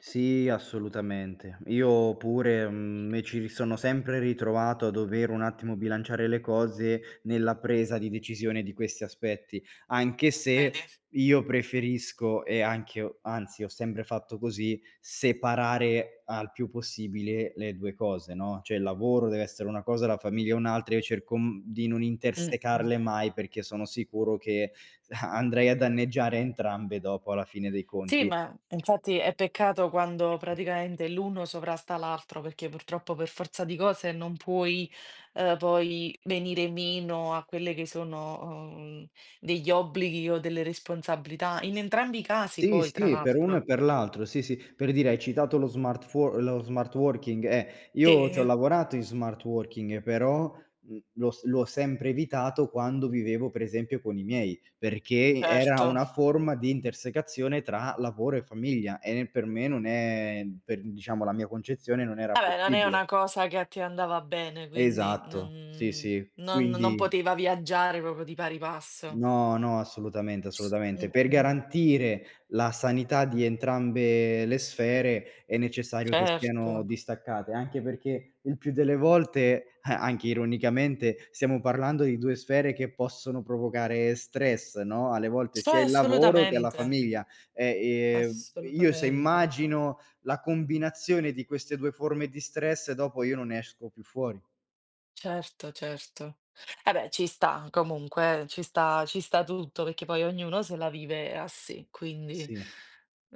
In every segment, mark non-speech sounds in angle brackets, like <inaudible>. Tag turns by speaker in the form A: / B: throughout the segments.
A: Sì, assolutamente. Io pure, mhmm, mi ci ri sono sempre ritrovato a dover un attimo bilanciare le cose nella presa di decisione di questi aspetti, anche
B: Eh,
A: se
B: vedi?
A: io preferisco e anche ho anzi ho sempre fatto così, separare al più possibile le 2 cose, no, cioè il lavoro deve essere una cosa, la famiglia è un'altra, e cerco, mhmm, di non
B: Mh, mh.
A: intersecarle mai perché sono sicuro che <chuckles> andrei a danneggiare entrambe dopo, alla fine dei
B: Sì,
A: conti.
B: ma infatti è peccato quando praticamente l'uno sovrasta l'altro, perché purtroppo per forza di cose non puoi, ehm, poi venire meno a quelle che sono, uhm, degli obblighi o delle responsabilità, in entrambi i casi
A: Sì,
B: poi, tra
A: sì, per uno
B: l'altro.
A: e per l'altro, sì, sì. Per dire hai citato lo smart fuor lo smart working, eh, io ci ho
B: Te?
A: lavorato in smart working, però, mhmm, l'ho s l'ho sempre evitato quando vivevo per esempio con i miei, perché era
B: Certo.
A: una forma di intersecazione tra lavoro e famiglia e per me non è per, diciamo, la mia concezione, non era
B: Ah beh, non è
A: possibile.
B: una cosa che a te andava bene, quindi
A: Esatto, sì,
B: non
A: sì.
B: non non
A: Quindi
B: poteva viaggiare proprio di pari passo.
A: No, no, assolutamente, assolutamente.
B: Mh,
A: Per
B: mh.
A: garantire la sanità di entrambe le sfere è necessario che siano
B: Certo.
A: distaccate, anche perché il più delle volte, <chuckles> anche ironicamente, stiamo parlando di 2 sfere che possono provocare stress, no, alle volte
B: Sto
A: sia
B: e
A: il lavoro che la
B: assolutamente.
A: famiglia. E, ehm, io se
B: Assolutamente.
A: immagino la combinazione di queste 2 forme di stress, dopo io non ne esco più fuori.
B: Certo, certo. Eh beh, ci sta comunque eh, ci sta ci sta tutto, perché poi ognuno se la vive a sé, quindi
A: Sì.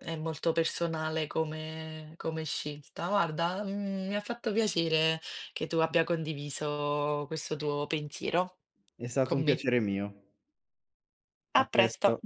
B: è molto personale come come scelta. Guarda, mhmm, mi ha fatto piacere che tu abbia condiviso questo tuo pensiero
A: È stato
B: con
A: un
B: me.
A: piacere mio. A
B: A
A: presto.
B: presto.